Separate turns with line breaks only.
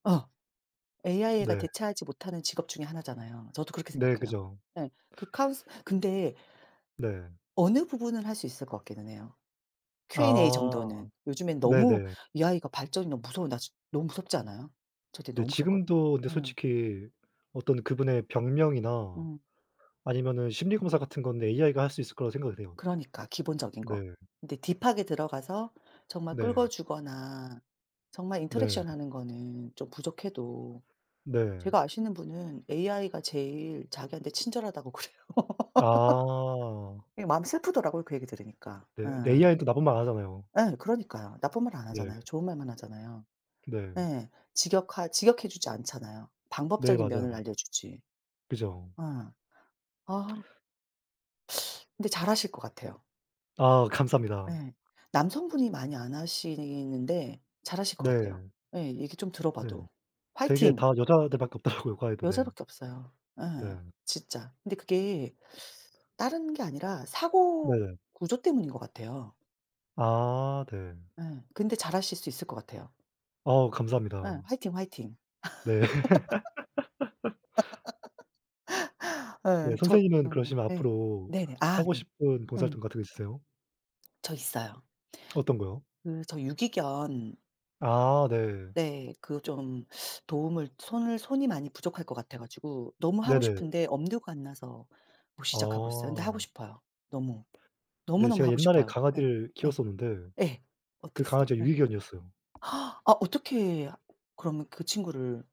아. AI가
네.
대체하지 못하는 직업 중에 하나잖아요. 저도 그렇게
네.
생각해요.
그죠.
예. 그 카운스 근데
네.
어느 부분을 할 수 있을 것 같기는 해요 Q&A
아.
정도는. 요즘엔 너무
네네.
AI가 발전이 너무 무서워 나 너무 무섭지 않아요? 저 되
네
너무 무섭거
지금도 근데
어..
솔직히 어떤 그분의 병명이나
어.
아니면은 심리검사 같은 건데 AI가 할 수 있을 거라고 생각을 해요.
그러니까 기본적인 거.
네.
근데 딥하게 들어가서 정말 긁어
네.
주거나 정말
네.
인터랙션 하는 거는 좀 부족해도
네.
제가 아시는 분은 AI가 제일 자기한테 친절하다고 그래요.
아.
예 마음이 슬프더라고요 그 얘기 들으니까.
네
예.
AI도 나쁜 말 안 하잖아요.
예 그러니까요. 나쁜 말 안
네.
하잖아요. 좋은 말만 하잖아요.
네.
네 직역하 직역해 주지 않잖아요.
네.
방법적인 면을
맞아요.
알려 주지.
그죠.
어. 아. 근데 잘 하실 것 같아요.
아. 감사합니다.
예. 남성분이 많이 안 하시는데 잘 하실 것 같아요.
네.
예. 얘기 좀 들어
네.
봐도.
되게
화이팅.
다 여자들 밖에 없더라고요 과외도 네.
여자밖에 없어요. 예.
네.
진짜. 근데 그게 다른 게 아니라 사고
네.
구조 때문인 것 같아요.
아. 네.
예. 근데 잘 하실 수 있을 것 같아요.
아.
예.
감사합니다.
화이팅, 화이팅.
네. 네
예. 저
선생님은
음.
그러시면
예.
앞으로
네네. 아
하고
네.
싶은 봉사활동
음.
같은 거 있으세요?
저 있어요.
어떤 거요?
그 저 유기견
아. 네.
네. 그 좀 도움을 손을 손이 많이 부족할 것 같아 가지고 너무 하고
네네.
싶은데 엄두가 안 나서 못 시작하고 있어요. 근데 하고
어.
싶어요 너무.
네.
너무너무
제가
하고
옛날에
싶어요. 예.
강아지를
예.
키웠었는데
예.
그
어땠어요?
강아지가
예.
유기견이었어요.
아 어떻게 하 그러면 그 친구를